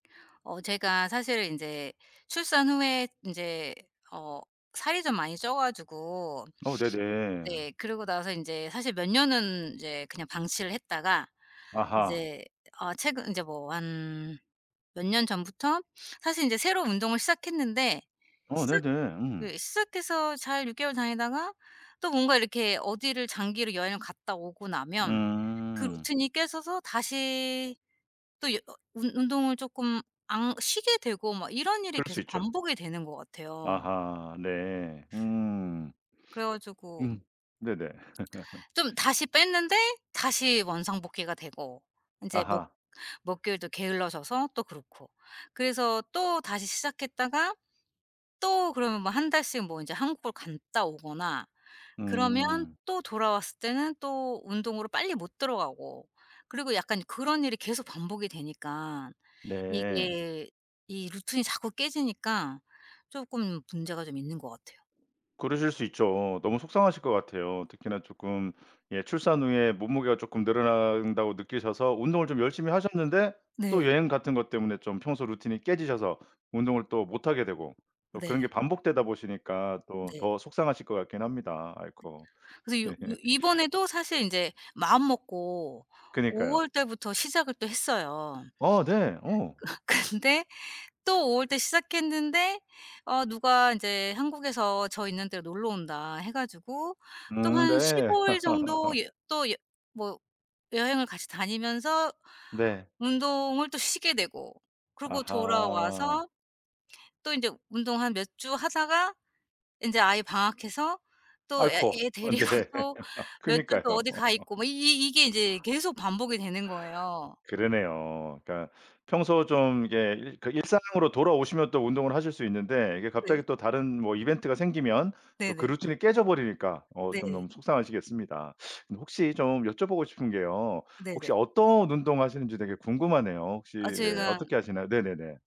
어. 제가 사실 인제 출산 후에 인제 어 살이 좀 많이 쪄 가지고 어. 네네. 네 그리고 나서 인제 사실 몇 년은 인제 그냥 방치를 했다가 아하. 인제 어 최근 인제 뭐 한 몇 년 전부터 사실 이제 새로운 운동을 시작했는데 어. 시작 네네. 음. 그 시작해서 잘 6 개월 다니다가 또 뭔가 이렇게 어디를 장기로 여행을 갔다 오고 나면 그 음. 루틴이 깨져서 다시 또 여 운 운동을 쪼끔 안 쉬게 되고 막 이런 일이 그럴 수 계속 있죠. 반복이 되는 것 같아요. 아하. 네. 음. 그래 가지고 음. 네네. 좀 다시 뺐는데 다시 원상복귀가 되고 인제 몇 아하. 몇 개월 또 게을러져서 또 그렇고. 그래서 또 다시 시작했다가 또 그러면 뭐 1 달씩 뭐 이제 한국을 갔다 오거나 그러면 음. 또 돌아왔을 때는 또 운동으로 빨리 못 들어가고 그리고 약간 그런 일이 계속 반복이 되니까 네. 이게 이 루틴이 자꾸 깨지니까 쪼끔 문제가 좀 있는 것 같아요. 그러실 수 있죠. 너무 속상하실 것 같아요. 특히나 쪼끔 예 출산 후에 몸무게가 쪼끔 늘어난다고 느끼셔서 운동을 좀 열심히 하셨는데 또 네. 여행 같은 것 때문에 좀 평소 루틴이 깨지셔서 운동을 또 못 하게 되고 또 그런 게 네. 반복되다 보시니까 또 네. 더 속상하실 것 같긴 합니다. 아이코. 그래서 요 이번에도 사실 이제 마음 먹고 5 그니까요. 월 달부터 시작을 또 했어요. 어 네. 어. 어 근데 또 5월 때 시작했는데 어 누가 인제 한국에서 저 있는 데로 놀러 온다 해 가지고 또 음. 한 네. 15 일 정도 여 또 여 뭐 여행을 같이 다니면서 네. 운동을 또 쉬게 되고 그리고 아하. 돌아와서 또 인제 운동 한 몇 주 하다가 인제 아이 방학해서 또 애 아이코. 애 어 데리고 네. 또 몇 주 또 그니까요. 어디 가 있고 뭐 이 이 이게 인제 계속 반복이 되는 거예요. 그러네요. 그러니까 평소 좀 이게 일상으로 돌아오시면 또 운동을 하실 수 있는데 이게 네. 갑자기 또 다른 뭐 이벤트가 생기면 또 그 네네. 루틴이 깨져 버리니까 어 좀 네. 너무 속상하시겠습니다. 혹시 좀 여쭤보고 싶은 게요. 혹시 네네. 어떤 운동 하시는지 되게 궁금하네요. 혹시 아 예 제가 어떻게 하시나요? 네네네.